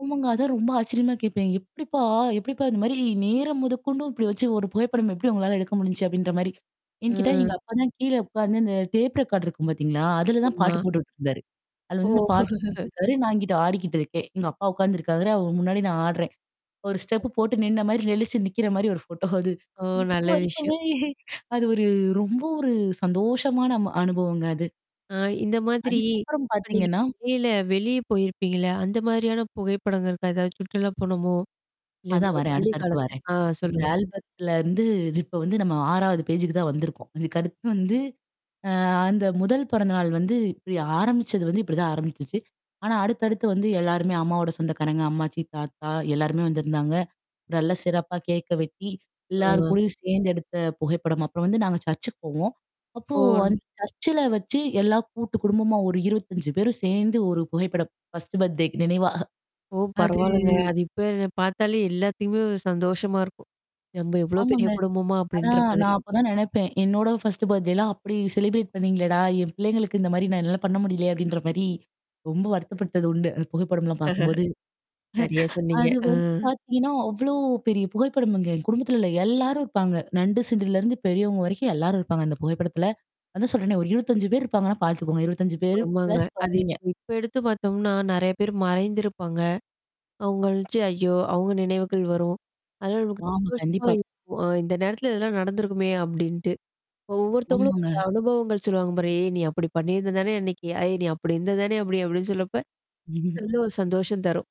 ஆமாங்க. அதான் ரொம்ப ஆச்சரியமா கேட்பேன். "எப்படிப்பா எப்படிப்பா? இது மாரி நேரம் முதக்கொண்டு இப்டி வச்சு ஒரு புகைப்படம் எப்டி உங்களால எடுக்க முடிஞ்சுச்சு?" அப்டின்ற மாரி. என்கிட்ட எங்க ம். அப்பா தான் கீழ உட்கார்ந்து இந்த டேப் ரெக்கார்ட் இருக்கும் பார்த்தீங்களா? அதுல தான் ஆமா. பாட்டு போட்டுருந்தாரு. அது ஓ! வந்து பாட்டு போட்டுருக்காரு. நான் இங்கிட்டு ஆடிக்கிட்டு இருக்கேன். எங்க அப்பா உட்கார்ந்துருக்காரு. அவரு முன்னாடி நான் ஆடுறேன். 1 ஸ்டெப் போட்டு நின்ன மாரி நெழிச்சு நிக்கிற மாரி ஒரு ஃபோட்டோ அது. ஓ! இப்போ நல்ல விஷயம். வரைக்குமே அது ஒரு ரொம்ப ஒரு சந்தோஷமான அம அனுபவங்க அது. அ இந்த மாதிரி அதுக்கப்பறம் அன்னைக்கு பார்த்தீங்கன்னா வெளில வெளிய போயிருப்பீங்கல. அந்த மாதிரியான புகைப்படங்கள் இருக்கா? ஏதாவது சுற்றுலா போனோமோ? இல்ல இந்த அதான் வரேன். பள்ளி அடுத்து அடுத்து காலத்த வரேன். ஆ அந்த சொல்லுங்க. ஆல்பத்துல இருந்து இது இப்ப வந்து நம்ம 6வது பேஜ்க்கு தான் வந்திருக்கோம். அதுக்கு அடுத்து வந்து, அ அந்த முதல் பிறந்த நாள் வந்து இப்டி ஆரம்பிச்சது வந்து இப்படி தான் ஆரம்பிச்சுச்சு. ஆனா, அடுத்தடுத்து வந்து எல்லாருமே அம்மாவோட சொந்தக்காரங்க, அம்மாச்சி, தாத்தா எல்லாருமே வந்திருந்தாங்க. நல்ல சிறப்பா கேக்க வெட்டி, எல்லார் ஆ. கூடயும் சேர்ந்து எடுத்த புகைப்படம். அப்புறம் வந்து நாங்க சர்ச்சுக்கு போவோம். அப்போ ஓன்! அந்த சர்ச்சல வச்சு எல்லா கூட்டு குடும்பமா ஒரு 25 பேரும் சேர்ந்து ஒரு புகைப்படம் ஃர்ஸ்ட் பர்த்டேக்கு நினைவா. ஓ! அது பரவால்லங்க. அது இப்ப பார்த்தாலே எல்லாத்துமே ஒரு சந்தோஷமா இருக்கும். நம்ப எவ்ளோ பெரிய ஆமாங்க. குடும்பமா ஆனா, அப்டின்ற மாதிரி. நான் அப்ப தான் நெனைப்பேன். என்னோட ஃபர்ஸ்ட் பர்த்டேலாம் அப்டி செலப்ரேட் பண்ணீங்களடா? என் பிள்ளைங்களுக்கு இந்த மாரி நான் என்னால பண்ண முடியலே! அப்டின்ற மாரி. ரொம்ப வருத்தப்பட்டது உண்டு. அந்த புகைப்படம்லாம் பார்க்கும்போது. சரியா சொன்னீங்க. அது அ. வந்து பார்த்தீங்கன்னா, அவ்ளோ பெரிய புகைப்படம்ங்க. எங்க குடும்பத்தில உள்ள எல்லாரும் இருப்பாங்க. நண்டு சிண்டுலருந்து பெரியவங்க வரைக்கும் எல்லாரும் இருப்பாங்க. அந்த புகைப்படத்துல. அதான் சொல்றேனே ஒரு 25 பேர் இருப்பாங்கன்னா, பாத்துக்கோங்க. 25 பேரு ஆமாங்க. ப்ளஸ் அது குழந்தைங்க. இப்ப எடுத்து பார்த்தோம்னா, நெறைய பேர் மறைந்திருப்பாங்க. அவங்கள் நெனச்சு ஐயோ! அங்க நினைவுகள் வரும். அதலா நமக்கு ஆமா, சந்தோஷமா கண்டிப்பா. இருக்கும். "அ இந்த நேரத்தில இதெல்லாம் நடந்திருக்குமே!" அப்டின்ட்டு. இப்ப ஒவ்வொருத்தவங்களும் ஒரு ஆமாங்க. அனுபவங்கள் சொல்லுவாங்க பாரு. "ஏய்! நீ அப்டி பண்ணியிருந்த தானே அன்னைக்கு, ஏய் நீ அப்டி இருந்தது தானே அப்டி" அப்டின்னு சொல்லப்ப எவ்ளோ சந்தோஷம் தரும்.